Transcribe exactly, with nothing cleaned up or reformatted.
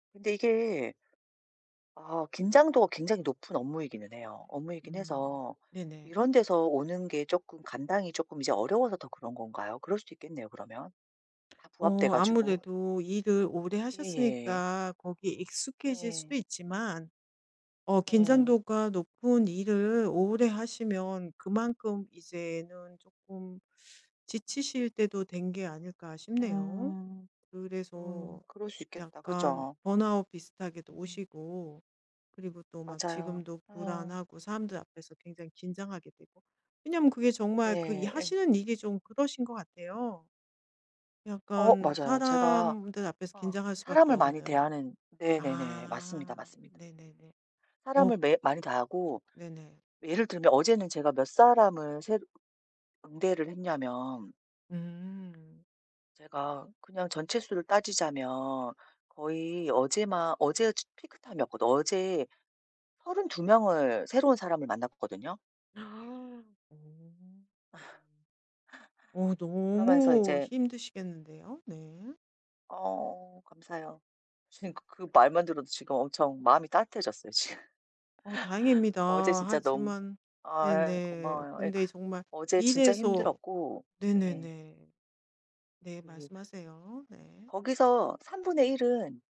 근데 이게 아 긴장도가 굉장히 높은 업무이기는 해요. 업무이긴 음. 해서 네네. 이런 데서 오는 게 쪼끔 감당이 쪼끔 이제 어려워서 더 그런 건가요? 그럴 수도 있겠네요, 그러면. 다 부합돼 어 가지고. 아무래도 일을 오래 예예. 하셨으니까 거기에 익숙해질 예. 수도 있지만 어 예. 긴장도가 높은 일을 오래 하시면 그만큼 이제는 쪼끔 지치실 때도 된 게 아닐까 싶네요. 음. 그래서 음 그럴 수 있겠다. 약간 그죠? 번아웃 비슷하게도 음. 오시고 그리고 또 막 맞아요. 지금도 예. 불안하고 사람들 앞에서 굉장히 긴장하게 되고. 왜냐하면 그게 정말 그 이 네. 예. 하시는 일이 좀 그러신 거 같아요, 어 약간 맞아요. 제가 사람들 앞에서 어 긴장할 수밖에 사람을 많이 없는. 대하는 네네네. 맞습니다, 아. 맞습니다. 네네네. 어. 사람을 매일 많이 대하고, 네네. 예를 들면 어제는 제가 몇 사람을 새로 응대를 했냐면 음. 제가 그냥 전체 수를 따지자면 거의 어제만 어제가 츠 피크타임이었거든. 어제 서른두 명을 새로운 사람을 만나 봤거든요. 음. 어 그러면서 너무 이제 힘드시겠는데요? 네. 어 감사해요. 음. 지금 그 그 말만 들어도 지금 엄청 마음이 따뜻해졌어요, 지금. 어 다행입니다. 어제 진짜 너무 하지만 아 예. 네네. 고마워요. 예. 근데 정말 어제 진짜 이래서 힘들었고 예. 네네네. 네. 그 말씀하세요. 네. 거기서 삼분의 일 은